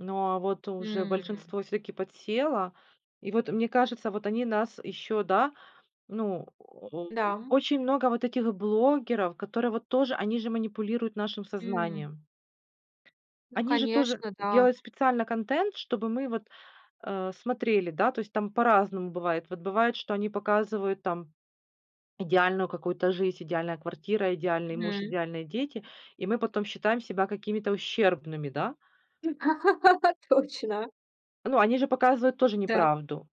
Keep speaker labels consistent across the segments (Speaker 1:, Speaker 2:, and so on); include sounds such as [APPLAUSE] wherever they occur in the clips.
Speaker 1: Но, а вот уже
Speaker 2: М.
Speaker 1: большинство всё-таки подсело. И вот, мне кажется, вот они нас еще, да ну,
Speaker 2: Да,
Speaker 1: [GRUNTS]
Speaker 2: м.
Speaker 1: очень много вот этих блогеров, которые вот тоже, они же манипулируют нашим
Speaker 2: М.
Speaker 1: сознанием.
Speaker 2: Ну,
Speaker 1: Они же тоже
Speaker 2: конечно, да.
Speaker 1: делают специально контент, чтобы мы вот, э, смотрели. Да, то есть, там по-разному бывает. Вот бывает, что они показывают там идеальную какую-то жизнь: идеальная квартира, идеальный муж,
Speaker 2: Мгм.
Speaker 1: идеальные дети, и мы потом считаем себя какими-то ущербными, да.
Speaker 2: [LAUGHS] Точно.
Speaker 1: Ну, они же показывают тоже
Speaker 2: Да.
Speaker 1: неправду.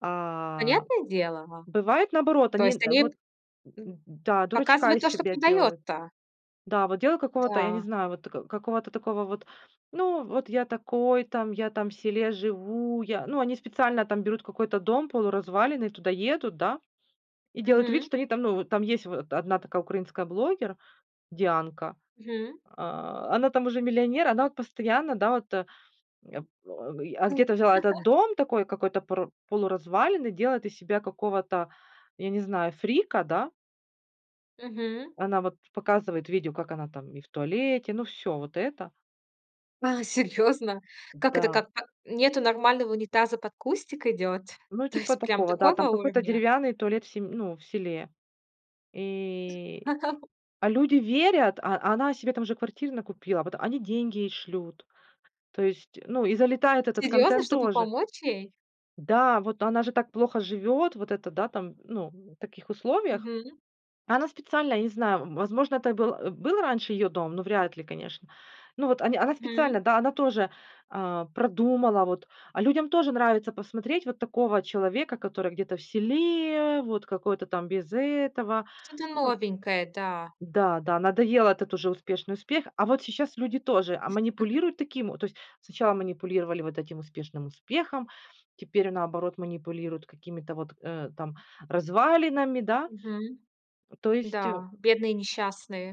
Speaker 1: А.
Speaker 2: Понятное дело, а
Speaker 1: Бывает наоборот,
Speaker 2: То
Speaker 1: они,
Speaker 2: есть
Speaker 1: э,
Speaker 2: они
Speaker 1: вот, м м
Speaker 2: м,
Speaker 1: м, да, дурочка
Speaker 2: показывают
Speaker 1: из
Speaker 2: то, что
Speaker 1: себя делают.
Speaker 2: продаётся.
Speaker 1: Да, вот дело какого-то, я не
Speaker 2: Да.
Speaker 1: знаю, вот, э, какого-то такого вот: "Ну вот я такой там, я там в селе живу. Я" Ну, они специально там берут какой-то дом полуразваленный, туда едут, да, и делают вид,
Speaker 2: Мгм.
Speaker 1: что они там, ну, вот там есть вот одна такая украинская блогер Дианка.
Speaker 2: Мгм.
Speaker 1: А, она там уже миллионер, она вот постоянно, да, вот, э, ап [GRUNTS] а
Speaker 2: У
Speaker 1: где-то взяла этот
Speaker 2: [CHUCKLES]
Speaker 1: дом такой какой-то пор полуразваленный, делает из себя какого-то, я не знаю, фрика, да
Speaker 2: Мгм.
Speaker 1: Она вот показывает видео, как она там и в туалете, ну, всё вот это.
Speaker 2: А, серьёзно? Как это
Speaker 1: Да.
Speaker 2: как? Ка нету нормального унитаза- под кустик идёт?
Speaker 1: Ну,
Speaker 2: То
Speaker 1: типа
Speaker 2: есть прям
Speaker 1: такого, да, там
Speaker 2: такого
Speaker 1: какой-то
Speaker 2: уровня?
Speaker 1: деревянный туалет в сем ну, в селе. И,
Speaker 2: [LAUGHS]
Speaker 1: а люди верят, а а она себе там уже квартир накупила, вот они деньги ей шлют, то есть, ну, и залетает этот
Speaker 2: Серьёзно,
Speaker 1: контент
Speaker 2: чтобы
Speaker 1: тоже.
Speaker 2: помочь ей?
Speaker 1: Да, вот она же так плохо живет, вот это да, там, ну, в таких условиях.
Speaker 2: Мгм.
Speaker 1: Она специально, я не знаю, м, возможно, это был, а, был раньше ее дом, но вряд ли, конечно. Ну вот они она
Speaker 2: Мгм.
Speaker 1: специально, да, она тоже, а, продумала вот, а людям тоже нравится посмотреть вот такого человека, который где-то в селе, вот какой-то там без этого.
Speaker 2: Что-то
Speaker 1: Ну
Speaker 2: новенькое, да.
Speaker 1: Да да, надоел этот уже успешный успех. А вот сейчас люди тоже, а,
Speaker 2: [LAUGHS]
Speaker 1: манипулируют таким. Вот то есть сначала манипулировали вот этим успешным успехом, теперь наоборот, манипулируют какими-то вот, э, там развалинами, да.
Speaker 2: Мгм.
Speaker 1: То
Speaker 2: Да,
Speaker 1: есть, э
Speaker 2: бедные, несчастные.